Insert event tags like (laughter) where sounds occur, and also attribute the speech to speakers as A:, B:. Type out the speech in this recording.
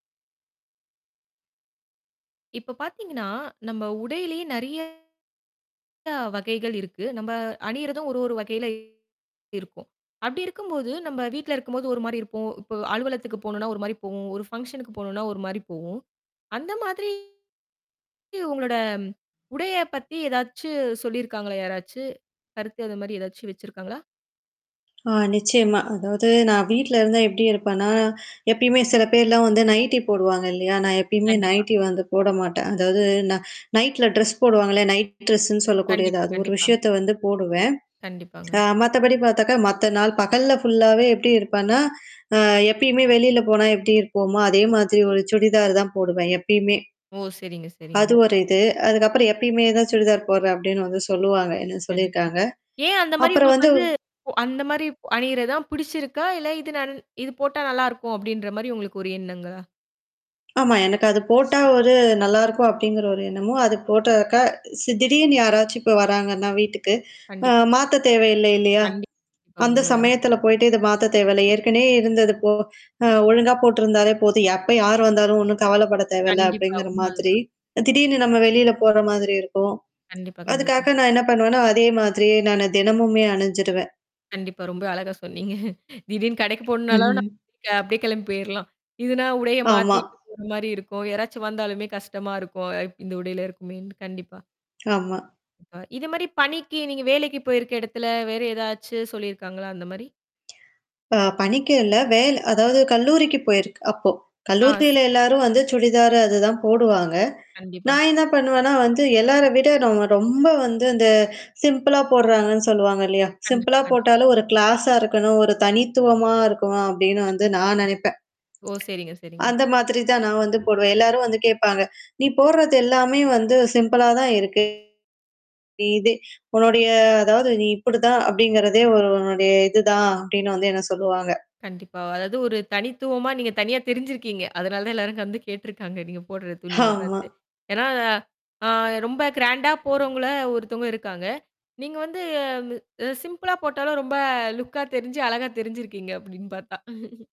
A: இப்போ பார்த்தீங்கன்னா, நம்ம உடையிலேயே நெறையா வகைகள் இருக்கு. நம்ப அணியிரதும் ஒரு ஒரு வகையிலயும் இருக்கும். அப்டி இருக்கும்போது நம்ம வீட்ல இருக்கும்போது ஒரு மாரி இருப்போம். இப்போ அலுவலகத்துக்கு போணுனா ஒரு மாரி போவோம். ஒரு பங்ஷன்க்கு போணுனா ஒரு மாரி போவோம். அந்த மாதிரி, உங்களோட உடையப் பத்தி ஏதாச்சு சொல்லிருக்காங்களா? யாராச்சு கருத்து அது மாரி ஏதாச்சு வச்சுருக்காங்களா?
B: ஆ நிச்சியமா. அதாவது நான் வீட்ல இருந்தா எப்டி இருப்பேன்னா, எப்பயுமே சில பேர்லாம் வந்து நைட்டி போடுவாங்க இல்லையா, நான் எப்பயுமே
A: கண்டிப்பா.
B: நைட்டி வந்து போட மாட்டேன். அதாவது நான் நைட்டில ட்ரெஸ் போடுவாங்கல்ல நைட் ட்ரெஸ்ஸுன்னு சொல்லக்கூடியது
A: கண்டிப்பா,
B: அது ஒரு
A: கண்டிப்பா.
B: விஷயத்த வந்து போடுவேன் ஆ
A: கண்டிப்பாங்க.
B: மத்தபடி பார்த்தாக்கா மத்த நாள் பகல்ல ஃபுல்லாவே எப்டி இருப்பேன்னா, அ எப்பயுமே வெளில போனா எப்டி இருப்போமோ அதே மாதிரி ஒரு சுடிதார் தான் போடுவேன் எப்பயுமே.
A: ஓ! சரிங்க, சரிங்க.
B: அது ஒரு இது அதுக்கப்புறம் எப்பயுமே சுடிதார் போடுறேன் அப்டின்னு வந்து சொல்லுவாங்க என்ன
A: கண்டிப்பா.
B: சொல்லிருக்காங்க.
A: ஏன் அந்த மாரி
B: அப்புறம்
A: உங்களுக்கு
B: வந்து
A: வந்து போ அந்த மாரி அணியிறதான் பிடிச்சிருக்கா? இல்ல இது நன் இது போட்டா நல்லாருக்கும் அப்டின்ற மாரி உங்களுக்கு ஒரு எண்ணங்களா?
B: ஆமா. எனக்கு அது போட்டா ஒரு நல்லாருக்கும் அப்டிங்கிற ஒரு எண்ணமும் அது போட்டாக்கா சி திடீர்னு யாராச்சும் இப்ப வராங்கன்னா வீட்டுக்கு ஆ
A: கண்டிப்பா.
B: மாத்த தேவையில்ல இல்லையா,
A: கண்டிப்பா,
B: அந்த
A: உண்மதாங்க.
B: சமயத்தில போயிட்டு இத மாத்தத் தேவையில்ல ஏற்கனவே இருந்தது போ ஒழுங்கா போட்டிருந்தாலே போதும் எப்போ யார் வந்தாலும் ஒண்ணும் கவலப்படத் தேவயில்ல
A: கண்டிப்பா
B: அப்டிங்கிற மாதிரி
A: உண்மதான்.
B: திடீர்னு நம்ம வெளில போற மாதிரி இருக்கும்.
A: கண்டிப்பா, கண்டிப்பா.
B: அதுக்காக நான் என்ன பண்ணுவேன்னா அதே மாதிரி நான் தினமுமே அணிஞ்சுருவேன்
A: கண்டிப்பா. ரொம்ப அழகா சொன்னீங்க. திடீர்னு கடைக்கு போணுனாலும்
B: ம்ஹ்ம்.
A: (unintelligible) அப்டியே கிளம்பி போயிர்லாம். இதுனா உடைய
B: ஆமா.
A: மாத்திட்டு போற மாரி இருக்கும் யாராச்சும் வந்தாலுமே கஷ்டமா இருக்கும் அப் இந்த உடையில இருக்குமேன்னு கண்டிப்பா.
B: (clicks tongue) ஆமா.
A: இப்ப இது மாரி பணிக்கு நீங்க வேலைக்கு போயிருக்க இடத்தில வேற ஏதாச்சு சொல்லிருக்காங்களா அந்த மாரி?
B: (clicks tongue) இப்ப பணிக்கு இல்ல வேல அதாவது கல்லூரிக்கு போயிருக்கு அப்போ
A: ஆஸ்.
B: கல்லூரியில எல்லாரும் வந்து சுடிதார் அதுதான் போடுவாங்க.
A: கண்டிப்பா.
B: நான் என்ன பண்ணுவேன்னா, வந்து எல்லார விட நம்ம ரொம்ப வந்து இந்த சிம்பிளா போடுறாங்கன்னு சொல்லுவாங்க இல்லையா, சிம்பிளா
A: கண்டிப்பா, கண்டிப்பா.
B: போட்டாலும் ஒரு க்ளாஸா இருக்கணும் ஒரு தனித்துவமா இருக்கணும் அப்டின்னு வந்து
A: கண்டிப்பா,
B: நான்
A: கண்டிப்பா.
B: நெனைப்பேன்.
A: ஓ! சரிங்க, சரிங்க.
B: அந்த மாதிரி தான் நான் வந்து போடுவேன். எல்லாரும் வந்து கேட்பாங்க. நீ போடுறது எல்லாமே வந்து சிம்பிள்ளா தான் இருக்கு. நீ இது உன்னுடைய அதாவது நீ இப்டிதான் அப்டிங்கறதே ஒரு உன்னுடைய இதுதான் அப்டின்னு வந்து என்ன சொல்லுவாங்க.
A: கண்டிப்பா. அதாவது ஒரு தனித்துவமா நீங்க தனியா தெரிஞ்சிருக்கீங்க அதனால தான் எல்லாரும் வந்து கேட்டுருக்காங்க நீங்க போடுற துணிய
B: ஹாமா.
A: பார்த்து. ஏனா, ஆ ரொம்ப கிராண்டா போறவங்கள ஒருத்தவங்க இருக்காங்க. நீங்க வந்து சிம்பிளா போட்டாலும் ரொம்ப லுக்கா தெரிஞ்சு அழகா தெரிஞ்சிருக்கீங்க அப்டின்னு பார்த்தா.